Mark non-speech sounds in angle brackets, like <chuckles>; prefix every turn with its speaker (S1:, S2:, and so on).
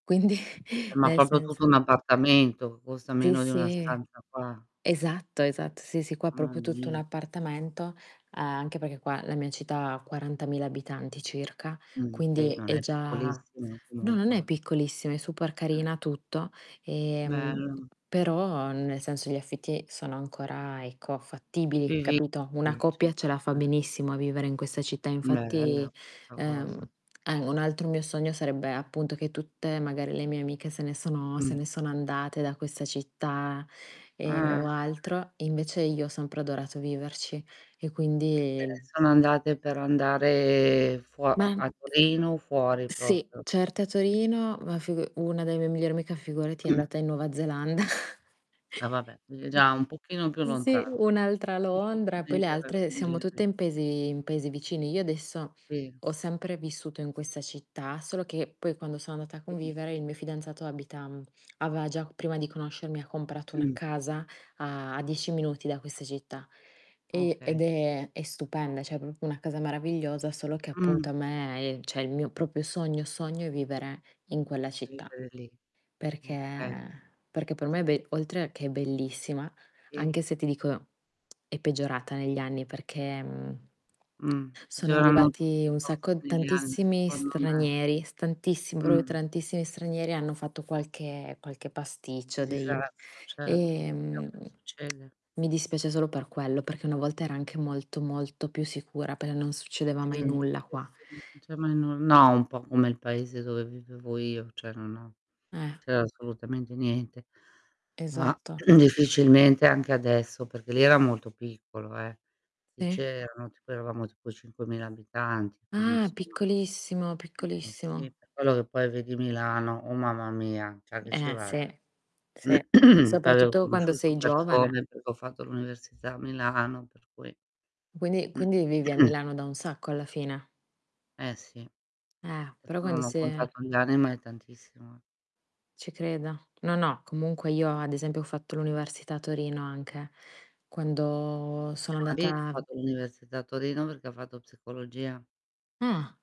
S1: Quindi,
S2: Eh, ma
S1: nel
S2: proprio tutto un
S1: senso
S2: appartamento, costa
S1: Sì,
S2: meno di una
S1: sì.
S2: stanza qua.
S1: Esatto, esatto, sì, sì qua
S2: Mamma
S1: proprio tutto
S2: mia.
S1: l'appartamento, a anche perché qua la mia città ha 40000 abitanti circa,
S2: Mh-mh, beh,
S1: quindi
S2: non
S1: è
S2: è
S1: già
S2: piccolissimo
S1: <unintelligible> no, non è
S2: comunque.
S1: piccolissima, è super
S2: Eh.
S1: carina tutto e, mhmm,
S2: Bello.
S1: però, nel senso gli affitti sono ancora, ecco, fattibili,
S2: Vivi
S1: capito. Una
S2: <unintelligible>
S1: coppia ce la fa
S2: 150
S1: benissimo a vivere in questa città
S2: Bella
S1: infatti,
S2: questa
S1: ehm,
S2: cosa.
S1: a un altro mio sogno sarebbe appunto che tutte magari le mie amiche se ne sono se
S2: Mh.
S1: ne sono andate da questa città, e
S2: Ah
S1: o
S2: <unintelligible>
S1: altro, invece io ho sempre adorato; viverci e
S2: Se ne
S1: quindi
S2: sono andate per andare fuo mhmm,
S1: Ma
S2: a Torino, o fuori
S1: Sì,
S2: proprio.
S1: certo a Torino, ma figu una delle mie migliori mica, figurati è andata in Nuova Zelanda. <chuckles>
S2: Eh vabbè, quindi già
S1: Mh.
S2: un pochino più
S1: Sì,
S2: lontano.
S1: un'altra
S2: Più
S1: Londra, poi le
S2: difficilmente
S1: altre siamo tutte
S2: raggiungibile.
S1: in paesi in paesi vicini. Io adesso
S2: Sì.
S1: ho sempre vissuto in questa città, solo che poi quando sono andata a
S2: Sì.
S1: convivere il mio fidanzato abita mhmm, aveva già prima di conoscermi ha comprato una
S2: Mh.
S1: casa a
S2: Sì.
S1: a 10 minuti da questa città, e ed
S2: Okay.
S1: è è stupenda, cioè è proprio una casa meravigliosa, solo che appunto
S2: Mh,
S1: a
S2: sì.
S1: me, ehm, cioè il mio proprio sogno, sogno è vivere in quella città.
S2: Vivere lì,
S1: Perché
S2: okay.
S1: perché per me è be oltre che è bellissima,
S2: Sì.
S1: anche se ti dico, <smacks lips> è peggiorata negli anni perché, mhmm,
S2: Mh.
S1: <smacks lips>
S2: Ce
S1: sono
S2: l'hanno tutti
S1: arrivati
S2: i
S1: un sacco
S2: posti italiani
S1: tantissimi
S2: secondo me.
S1: stranieri, s tantissimi proprio
S2: Mh.
S1: tantissimi stranieri, hanno fatto qualche qualche pasticcio dei
S2: Disastro, certo, si ho
S1: ehm, <smacks lips>
S2: succede.
S1: mi dispiace solo per quello, perché una volta era anche molto, molto più sicura, per non succedeva mai
S2: Mh,
S1: nulla
S2: sì,
S1: qua.
S2: sì cioè ma io non no un po' come il paese dove vivevo io, cioè non ho
S1: Eh.
S2: c'era assolutamente niente. Ma
S1: Esatto.
S2: <clears throat> difficilmente anche adesso, perché lì era molto piccolo eh. Lì
S1: Sì
S2: c'erano tipo eravamo tipo 5000 abitanti quindi
S1: Ah,
S2: insomma
S1: piccolissimo,
S2: Eh, eh, sì,
S1: piccolissimo.
S2: per quello che poi vedi Milano, oh mamma mia, già che ci
S1: Eh
S2: vado.
S1: sì, sì,
S2: <clears throat> Poi avevo
S1: soprattutto quando
S2: conosciuto
S1: sei giovane.
S2: persone, perché ho fatto l'università a Milano per cui
S1: Quindi quindi vivi a
S2: <clears throat>
S1: Milano da un sacco alla fine.
S2: Eh sì.
S1: Eh, però
S2: Adesso
S1: quando
S2: non ho
S1: si è
S2: contato gli anni, ma è tantissimo eh.
S1: Ci credo. No, no, comunque io ad esempio ho fatto l'università a Torino anche, quando
S2: Mio
S1: sono
S2: marito ha
S1: andata
S2: fatto l'università a Torino, perché fatto psicologia.
S1: Mh, ah.